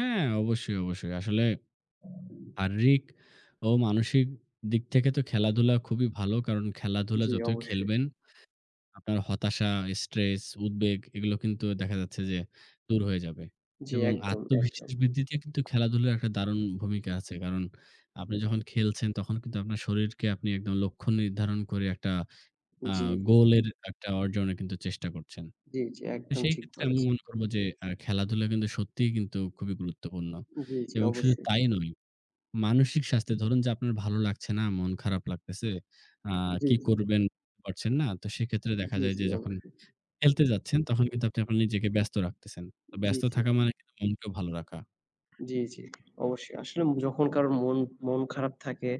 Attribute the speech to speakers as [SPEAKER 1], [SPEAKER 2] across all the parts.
[SPEAKER 1] হ্যাঁ, অবশ্যই, অবশ্যই। আসলে শারীরিক ও মানসিক দিক থেকে তো খেলাধুলা খুবই ভালো। কারণ খেলাধুলা
[SPEAKER 2] জি,
[SPEAKER 1] যতই
[SPEAKER 2] অবশ্যই।
[SPEAKER 1] খেলবেন, আপনার হতাশা, স্ট্রেস, উদ্বেগ এগুলো কিন্তু দেখা যাচ্ছে যে দূর হয়ে যাবে।
[SPEAKER 2] জি,
[SPEAKER 1] এবং
[SPEAKER 2] একদম, একদম।
[SPEAKER 1] আত্মবিশ্বাস বৃদ্ধিতেও কিন্তু খেলাধুলার একটা দারুণ ভূমিকা আছে। কারণ আপনি যখন খেলছেন, তখন কিন্তু আপনার শরীরকে আপনি একদম লক্ষ্য নির্ধারণ করে একটা আ
[SPEAKER 2] জি, জি।
[SPEAKER 1] গোলের একটা অর্জনে কিন্তু চেষ্টা করছেন।
[SPEAKER 2] জি, জি।
[SPEAKER 1] এ
[SPEAKER 2] একদম ঠিক
[SPEAKER 1] সেইক্ষেত্রে আমি
[SPEAKER 2] বলেছেন।
[SPEAKER 1] মনে করব যে আ খেলাধুলা কিন্তু সত্যিই কিন্তু খুবই গুরুত্বপূর্ণ
[SPEAKER 2] জি, জি
[SPEAKER 1] এবং শুধু
[SPEAKER 2] অবশ্যই।
[SPEAKER 1] তাই নয়, মানসিক স্বাস্থ্যে ধরুন যে আপনার ভালো লাগছে না, মন খারাপ লাগতেছে, আ
[SPEAKER 2] জি,
[SPEAKER 1] কী
[SPEAKER 2] জি।
[SPEAKER 1] করবেন পারছেন না। তো সেক্ষেত্রে দেখা
[SPEAKER 2] জি,
[SPEAKER 1] যায় যে
[SPEAKER 2] জি
[SPEAKER 1] যখন
[SPEAKER 2] অবশ্যই।
[SPEAKER 1] খেলতে যাচ্ছেন, তখন কিন্তু আপনি আবার নিজেকে ব্যস্ত রাখতেছেন। তো
[SPEAKER 2] জি,
[SPEAKER 1] ব্যস্ত
[SPEAKER 2] জি।
[SPEAKER 1] থাকা মানে কিন্তু মনকেও ভালো রাখা।
[SPEAKER 2] জি, জি, অবশ্যই। আসলে যখন কারো মন মন খারাপ থাকে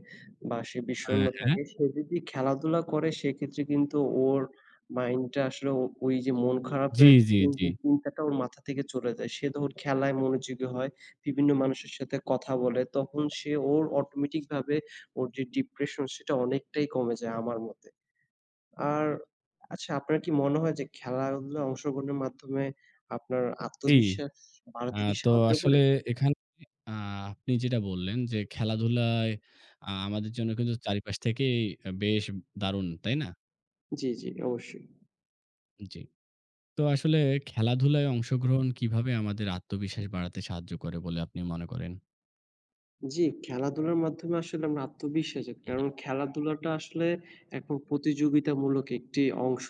[SPEAKER 2] বা সে বিষণ্ণ
[SPEAKER 1] অ্যা হ্যাঁ।
[SPEAKER 2] থাকে, সে যদি খেলাধুলা করে, সেক্ষেত্রে কিন্তু ওর মাইন্ডটা আসলেও ওই যে মন
[SPEAKER 1] জি,
[SPEAKER 2] খারাপের
[SPEAKER 1] জি, জি।
[SPEAKER 2] [unintelligible] চিন্তাটা ওর মাথা থেকে চলে যায। সে যখন খেলায় মনোযোগী হয়, বিভিন্ন মানুষের সাথে কথা বলে, তখন সে ওর অটোমেটিকভাবে ওর যে ডিপ্রেশন সেটা অনেকটাই কমে যায় আমার মতে। আর আচ্ছা, আপনার কি মনে হয় যে খেলাধুলায় অংশগ্রহণের মাধ্যমে আপনার
[SPEAKER 1] জি।
[SPEAKER 2] আত্মবিশ্বাস
[SPEAKER 1] আ
[SPEAKER 2] বাড়াতে কি
[SPEAKER 1] তো
[SPEAKER 2] সাহায্য
[SPEAKER 1] আসলে
[SPEAKER 2] করে?
[SPEAKER 1] এখানে আ আপনি যেটা বললেন যে খেলাধুলায় আ আমাদের জন্য কিন্তু চারিপাশ থেকেই বেশ দারুণ, তাই না?
[SPEAKER 2] জি, জি অবশ্যই।
[SPEAKER 1] জি। তো আসলে খেলাধুলায় অংশগ্রহণ কিভাবে আমাদের আত্মবিশ্বাস বাড়াতে সাহায্য করে বলে আপনি মনে করেন?
[SPEAKER 2] জি, খেলাধুলার মাধ্যমে আসলে আমার আত্মবিশ্বাস জাগে।
[SPEAKER 1] উ হুম।
[SPEAKER 2] কারণ খেলাধুলাটা আসলে একরকম প্রতিযোগিতামূলক একটি অংশ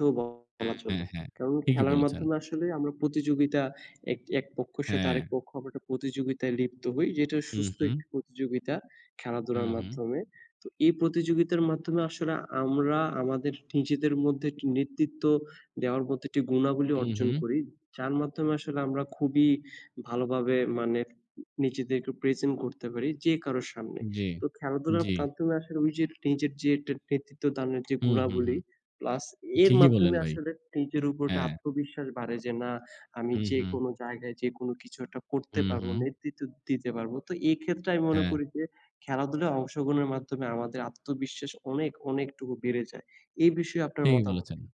[SPEAKER 1] অ্যা
[SPEAKER 2] বলা চলে।
[SPEAKER 1] হ্যাঁ, হ্যাঁ।
[SPEAKER 2] কারণ,
[SPEAKER 1] ঠিকই
[SPEAKER 2] খেলার
[SPEAKER 1] বলেছেন।
[SPEAKER 2] মাধ্যমে আসলে আমরা প্রতিযোগিতা এক একপক্ষর সাথে আরেক
[SPEAKER 1] হ্যাঁ।
[SPEAKER 2] পক্ষ আমরা একটা প্রতিযোগিতায় লিপ্ত হই, যেটা
[SPEAKER 1] হু,
[SPEAKER 2] সুস্থ
[SPEAKER 1] হু।
[SPEAKER 2] একটি প্রতিযোগিতা
[SPEAKER 1] হু,
[SPEAKER 2] খেলাধুলার
[SPEAKER 1] হু।
[SPEAKER 2] মাধ্যমে। তো এই প্রতিযোগিতার মাধ্যমে আসলে আমরা আমাদের নিজেদের মধ্যে একটি নেতৃত্ব দেওয়ার মতো একটি গুণাবলী
[SPEAKER 1] হু,
[SPEAKER 2] অর্জন
[SPEAKER 1] হু।
[SPEAKER 2] করি। যার মাধ্যমে আসলে আমরা খুবই ভালোভাবে মানে নিজেদেরকে present করতে পারি যে কারো সামনে।
[SPEAKER 1] জি,
[SPEAKER 2] তো খেলাধুলার
[SPEAKER 1] জি।
[SPEAKER 2] মাধ্যমে আসলে ওইযে নিজের যে একটা নেতৃত্বদানের যে
[SPEAKER 1] হু, হু, হু।
[SPEAKER 2] গুণাবলী, প্লাস এর
[SPEAKER 1] ঠিকই বললেন
[SPEAKER 2] মাধ্যমে
[SPEAKER 1] ভাই।
[SPEAKER 2] আসলে নিজের উপর একটা
[SPEAKER 1] হ্যাঁ।
[SPEAKER 2] আত্মবিশ্বাস বাড়ে। যে না, আমি
[SPEAKER 1] হু, হু।
[SPEAKER 2] যেকোনো জায়গায় যেকোনো কিছু একটা করতে
[SPEAKER 1] হু,
[SPEAKER 2] পারব,
[SPEAKER 1] হু।
[SPEAKER 2] নেতৃত্ব দিতে পারব। তো এই ক্ষেত্রে আমি মনে
[SPEAKER 1] হ্যাঁ।
[SPEAKER 2] করি যে খেলাধুলায় অংশগ্রহণের মাধ্যমে আমাদের আত্মবিশ্বাস অনেক অনেকটুকু বেড়ে যায়। এই বিষয়ে আপনার
[SPEAKER 1] ঠিকই
[SPEAKER 2] মতামত
[SPEAKER 1] বলেছেন।
[SPEAKER 2] কী?